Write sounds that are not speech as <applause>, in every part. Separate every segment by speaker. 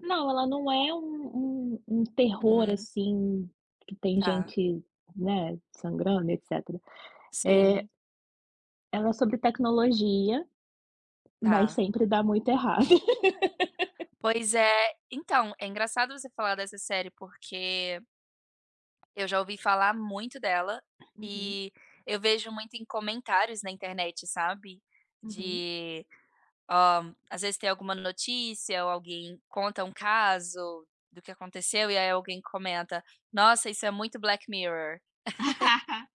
Speaker 1: Não, ela não é um um um terror,
Speaker 2: Uhum.
Speaker 1: assim, que tem
Speaker 2: Tá.
Speaker 1: gente, né, sangrando, etc. Eh
Speaker 2: Sim.
Speaker 1: ela é sobre tecnologia, mas
Speaker 2: Tá.
Speaker 1: sempre dá muito errado. <laughs>
Speaker 2: Pois é, então, é engraçado você falar dessa série, porque eu já ouvi falar muito dela
Speaker 1: Uhum.
Speaker 2: ,e eu vejo muito em comentários na internet, sabe,
Speaker 1: Uhum.
Speaker 2: de hã, às vezes tem alguma notícia ou alguém conta um caso do que aconteceu e, aí, alguém comenta: "Nossa, isso é muito Black Mirror". <laughs>
Speaker 1: <laughs>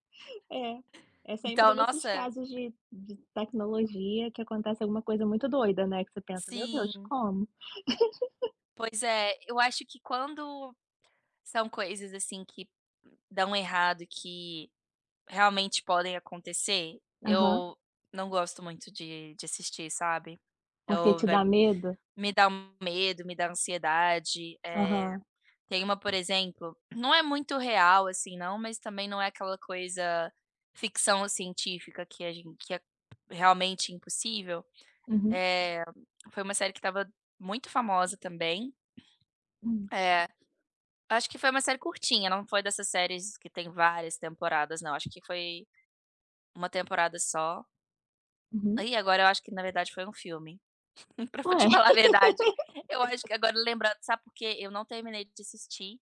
Speaker 1: É, é sempre
Speaker 2: Então,
Speaker 1: nesses
Speaker 2: nossa
Speaker 1: casos de de tecnologia que acontece alguma coisa muito doida, né, que você pensa: "Meu Deus,
Speaker 2: Sim.
Speaker 1: como?"
Speaker 2: Pois
Speaker 1: <laughs>
Speaker 2: é, eu acho que quando, são coisas, assim, que dão errado e que realmente podem acontecer.
Speaker 1: Aham.
Speaker 2: Eu não gosto muito de de assistir, sabe?
Speaker 1: Por que
Speaker 2: Ou
Speaker 1: te
Speaker 2: vai
Speaker 1: dá medo?
Speaker 2: me dá um medo, me dá ansiedade, eh.
Speaker 1: Aham.
Speaker 2: Tem uma, por exemplo, não é muito real, assim, não, mas também não é aquela coisa, ficção científica que a gen que a realmente impossível.
Speaker 1: Uhum.
Speaker 2: Eh, foi uma série que estava muito famosa também.
Speaker 1: Hum.
Speaker 2: Eh, acho que foi uma série curtinha, não foi dessas séries que tem várias temporadas, não, acho que foi uma temporada só
Speaker 1: Uhum.
Speaker 2: Ai, agora eu acho que na verdade foi um filme, <chuckles> pra fa
Speaker 1: Ué.
Speaker 2: te
Speaker 1: <laughs>
Speaker 2: falar a verdade, eu acho que agora lembra sabe porquê? Eu não terminei de assistir.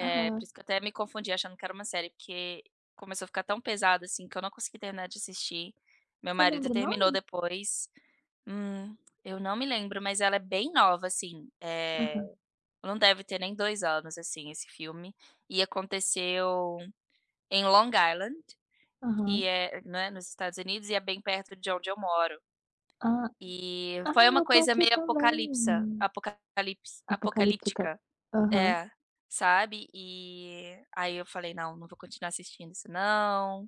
Speaker 2: Eh, por isso que eu até me confundi achando que era uma série, que começou a ficar tão pesado, assim, que eu não consegui terminar de assistir. Meu
Speaker 1: Você
Speaker 2: marido
Speaker 1: lembra o
Speaker 2: terminou
Speaker 1: nome?
Speaker 2: depois hum, eu não me lembro, mas ela é bem nova, assim. É,
Speaker 1: Aham.
Speaker 2: não deve ter nem 2 anos, assim, esse filme e aconteceu em Long Island, que
Speaker 1: Aham.
Speaker 2: é né, nos Estados Unidos e é bem perto de onde eu moro,
Speaker 1: Hã.
Speaker 2: eh,
Speaker 1: Ah,
Speaker 2: foi uma
Speaker 1: eu tô
Speaker 2: coisa
Speaker 1: aqui
Speaker 2: meio apocalipsa
Speaker 1: também.
Speaker 2: apocalipse
Speaker 1: Apocalíptica.
Speaker 2: apocalíptica
Speaker 1: Aham.
Speaker 2: È, sabe? Eh, aí, eu falei: "Não, não vou continuar assistindo isso não",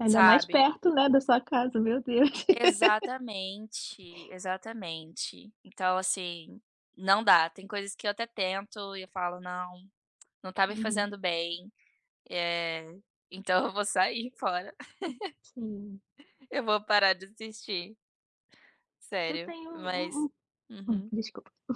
Speaker 1: Ainda mais
Speaker 2: sabe?
Speaker 1: perto, né, da sua casa, meu Deus. <laughs>
Speaker 2: Exatamente, exatamente, então, assim, não dá! Tem coisas que eu até tento e eu falo: "Não, não tá me
Speaker 1: Uhum.
Speaker 2: fazendo bem". Eh, então eu vou sair fora <laughs>
Speaker 1: Sim.
Speaker 2: eu vou parar de assistir.
Speaker 1: Eu
Speaker 2: Sério,
Speaker 1: tenho um
Speaker 2: mas
Speaker 1: um hum,
Speaker 2: Uhum.
Speaker 1: desculpa! <coughs>